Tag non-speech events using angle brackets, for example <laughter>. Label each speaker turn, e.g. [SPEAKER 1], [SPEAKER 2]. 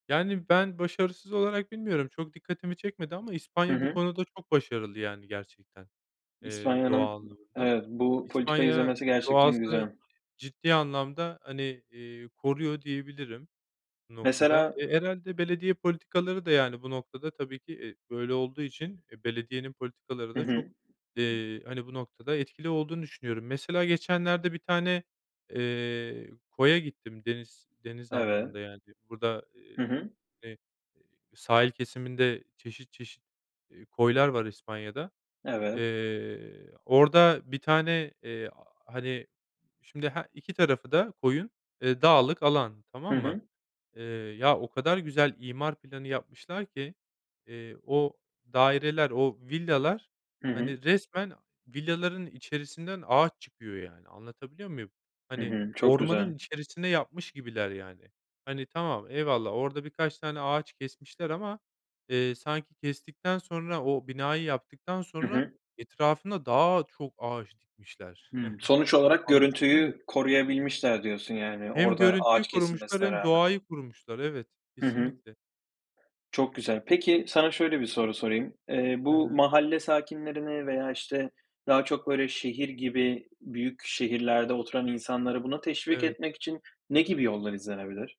[SPEAKER 1] Yani, ben başarısız olarak bilmiyorum, çok dikkatimi çekmedi ama
[SPEAKER 2] Hı
[SPEAKER 1] İspanya bu
[SPEAKER 2] hı.
[SPEAKER 1] konuda çok başarılı, yani, gerçekten, eee,
[SPEAKER 2] İspanya'nın, ımm,
[SPEAKER 1] doğallığında.
[SPEAKER 2] evet, bu politikayı
[SPEAKER 1] İspanya,
[SPEAKER 2] izlemesi
[SPEAKER 1] eee,
[SPEAKER 2] gerçekten
[SPEAKER 1] doğası
[SPEAKER 2] güzel.
[SPEAKER 1] ciddi anlamda, hani, eee, koruyor diyebilirim bu noktada.
[SPEAKER 2] Mesela
[SPEAKER 1] Eee, herhâlde belediye politikaları da, yani, bu noktada tabii ki, eee, böyle olduğu için, eee, belediyenin politikaları
[SPEAKER 2] Hı
[SPEAKER 1] da çok,
[SPEAKER 2] hı.
[SPEAKER 1] eee, hani, bu noktada etkili olduğunu düşünüyorum. Mesela geçenlerde bir tane, eee, koya gittim. Deniz deniz
[SPEAKER 2] Evet.
[SPEAKER 1] anlamında, yani, burada, eee,
[SPEAKER 2] Hı hı.
[SPEAKER 1] eee, sahil kesiminde çeşit çeşit, eee, koylar var İspanya’da.
[SPEAKER 2] Evet.
[SPEAKER 1] Eee, orada bir tane, eee, hani, şimdi he 2 tarafı da koyun, eee, dağlık alan,
[SPEAKER 2] Hı
[SPEAKER 1] tamam mı?
[SPEAKER 2] hı.
[SPEAKER 1] Eee, ya o kadar güzel imar planı yapmışlar ki, eee, o daireler, o villalar,
[SPEAKER 2] Hı hı.
[SPEAKER 1] hani, resmen villaların içerisinden ağaç çıkıyor yani. Anlatabiliyor muyum?
[SPEAKER 2] Hı
[SPEAKER 1] Hani,
[SPEAKER 2] hı, çok
[SPEAKER 1] ormanın
[SPEAKER 2] güzel.
[SPEAKER 1] içerisine yapmış gibiler, yani. Hani, tamam, eyvallah, orada birkaç tane ağaç kesmişler ama, eee, sanki kestikten sonra, o binayı yaptıktan
[SPEAKER 2] Hı
[SPEAKER 1] sonra
[SPEAKER 2] hı.
[SPEAKER 1] etrafına daha çok ağaç dikmişler.
[SPEAKER 2] Hımm. Sonuç
[SPEAKER 1] <chuckles>
[SPEAKER 2] olarak
[SPEAKER 1] Anlatabiliyor muyum?
[SPEAKER 2] görüntüyü koruyabilmişler diyorsun yani,
[SPEAKER 1] Hem
[SPEAKER 2] orada
[SPEAKER 1] görüntüyü
[SPEAKER 2] ağaç
[SPEAKER 1] korumuşlar
[SPEAKER 2] kesilmesine
[SPEAKER 1] hem
[SPEAKER 2] rağmen.
[SPEAKER 1] doğayı korumuşlar. Evet,
[SPEAKER 2] Hı hı.
[SPEAKER 1] kesinlikle.
[SPEAKER 2] Çok güzel. Peki, sana şöyle bir soru sorayım: Eee,
[SPEAKER 1] Hı
[SPEAKER 2] bu
[SPEAKER 1] hı.
[SPEAKER 2] mahalle sakinlerini veya, işte, daha çok, böyle, şehir gibi büyük şehirlerde oturan insanları buna teşvik
[SPEAKER 1] Evet.
[SPEAKER 2] etmek için ne gibi yollar izlenebilir?